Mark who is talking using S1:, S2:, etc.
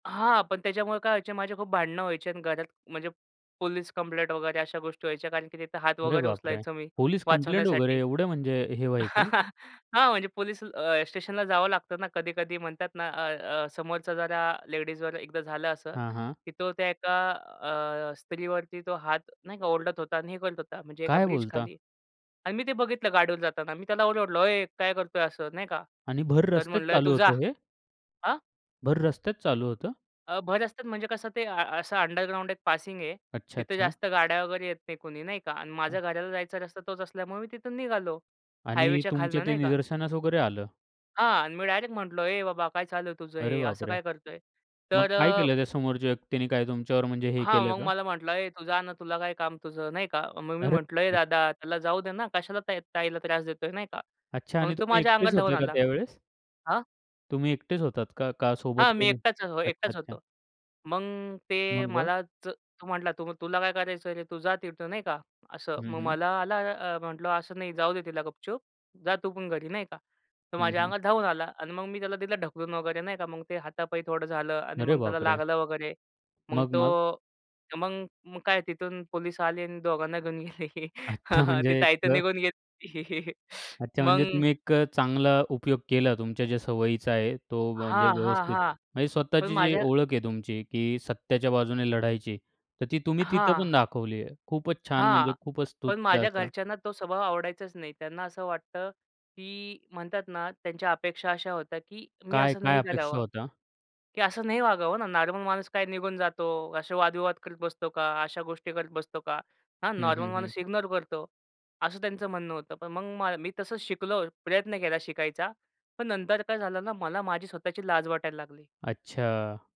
S1: हां, पण त्याच्यामुळे काय व्हायचे, माझे खूप भांडणं व्हायचे आणि घरात म्हणजे पोलीस कंप्लेंट वगैरे अशा गोष्टी व्हायच्या, कारण की तिथं हात
S2: अरे
S1: वगैरे
S2: बापरे!
S1: उचलायचो मी
S2: पोलीस कंप्लेंट वगैरे,
S1: वाचवण्यासाठी.
S2: एवढं म्हणजे हे व्हायचं?
S1: हां. म्हणजे पोलीस अ, स्टेशनला जावं लागतं ना कधी-कधी. म्हणतात ना, अ, अ, समोरचा जरा लेडीजवर एकदा झालं असं,
S2: हां, हां.
S1: की तो त्या एका अ, स्त्रीवरती तो हात नाही का, ओरडत होता आणि हे करत होता. म्हणजे एका
S2: काय बोलता?
S1: ब्रिजखाली. आणि मी ते बघितलं गाडीवरून जाताना. मी त्याला ओरडलो, "ओय काय करतोय?" असं नाही का?
S2: आणि भर
S1: तर
S2: रस्त्यात
S1: म्हटलं
S2: चालू
S1: "तू जा."
S2: होतं हे?
S1: हां.
S2: भर रस्त्यात चालू होतं?
S1: अ, भर रस्त्यात म्हणजे कसं, ते अ असं अंडरग्राउंड एक पासिंग आहे.
S2: अच्छा,
S1: तिथे
S2: अच्छा.
S1: जास्त गाड्या वगैरे येत नाही, कुणी नाही का. आणि माझ्या घराला जायचा रस्ता तोच असल्यामुळे मी तिथून निघालो,
S2: आणि
S1: हायवेच्या
S2: तुमच्या
S1: खालनं,
S2: ते
S1: नाही का.
S2: निदर्शनास वगैरे आलं?
S1: हां आणि मी डायरेक्ट म्हटलो, "ए बाबा, काय चालू आहे तुझं
S2: अरे
S1: हे? असं
S2: बापरे!
S1: काय करतोय?"
S2: मग
S1: तर
S2: काय
S1: अ
S2: केलं त्या समोरच्या व्यक्तीने? काय तुमच्यावर म्हणजे हे
S1: हां,
S2: केलं
S1: मग
S2: का?
S1: मला म्हंटला, "ए, तू जा ना, तुला काय काम तुझं?" नाही का. मग मी
S2: अरे
S1: म्हटलं, "ए
S2: बापरे!
S1: दादा, त्याला जाऊ दे ना. कशाला त्या ताईला त्रास देतोय?" नाही का.
S2: अच्छा.
S1: मग
S2: आणि
S1: तो
S2: तुम्ही
S1: माझ्या अंगावर
S2: एकटेच
S1: धावून
S2: होते का
S1: आला.
S2: त्यावेळेस?
S1: हां.
S2: तुम्ही एकटेच होतात का? का सोबत
S1: हां. मी
S2: कोणी?
S1: एकटाच अ,
S2: अच्छा,
S1: एकटाच
S2: अच्छा.
S1: होतो. मग ते
S2: मग, मग?
S1: मलाच तर तो म्हटला, "तो मग तुला काय करायचं रे? तू जा तिथं," नाही का असं.
S2: हं,
S1: मग
S2: हं.
S1: मला आला अ, म्हटलं, "असं नाही, जाऊ दे तिला, गपचूप. जा तू पण घरी," नाही का. तर
S2: हं,
S1: माझ्या
S2: हं.
S1: अंगात धावून आला आणि मग मी त्याला दिला ढकलून वगैरे नाही का. मग ते हाता-पायी थोडं झालं आणि
S2: अरे
S1: मग त्याला
S2: बापरे!
S1: लागलं वगैरे. मग
S2: मग, मग?
S1: तो मग मग काय, तिथून पोलीस आले आणि दोघांना घेऊन गेले.
S2: अच्छा
S1: ती
S2: म्हणजे एक
S1: ताई तर निघून गेली होती.
S2: अच्छा. म्हणजे
S1: मग
S2: तुम्ही एक चांगला उपयोग केला तुमच्या ज्या सवयीचा आहे. तो म्हणजे
S1: हां, हां,
S2: व्यवस्थित,
S1: हां.
S2: म्हणजे
S1: पण
S2: स्वतःची जी
S1: माझ्या
S2: ओळख आहे तुमची, की सत्याच्या बाजूने लढायची, तर ती तुम्ही तिथं
S1: हां.
S2: पण दाखवली आहे. खूपच छान, म्हणजे
S1: हां.
S2: खूपच
S1: पण
S2: स्तुत्य
S1: माझ्या
S2: असं.
S1: घरच्यांना तो स्वभाव आवडायचाच नाही. त्यांना असं वाटतं, की म्हणतात ना, त्यांच्या अपेक्षा अशा होत्या, की मी
S2: काय,
S1: असं
S2: काय
S1: नाही
S2: अपेक्षा
S1: करावं.
S2: होत्या?
S1: की असं नाही वागावं ना. नॉर्मल माणूस काय निघून जातो. असे वाद-विवाद करत बसतो का? अशा गोष्टी करत बसतो का? हां,
S2: हं,
S1: नॉर्मल
S2: हं, हं.
S1: माणूस इग्नोर करतो. असं त्यांचं म्हणणं होतं. पण मग मी तसंच शिकलो, प्रयत्न केला शिकायचा. पण नंतर काय झालं ना, मला माझी स्वतःची लाज वाटायला लागली.
S2: अच्छा.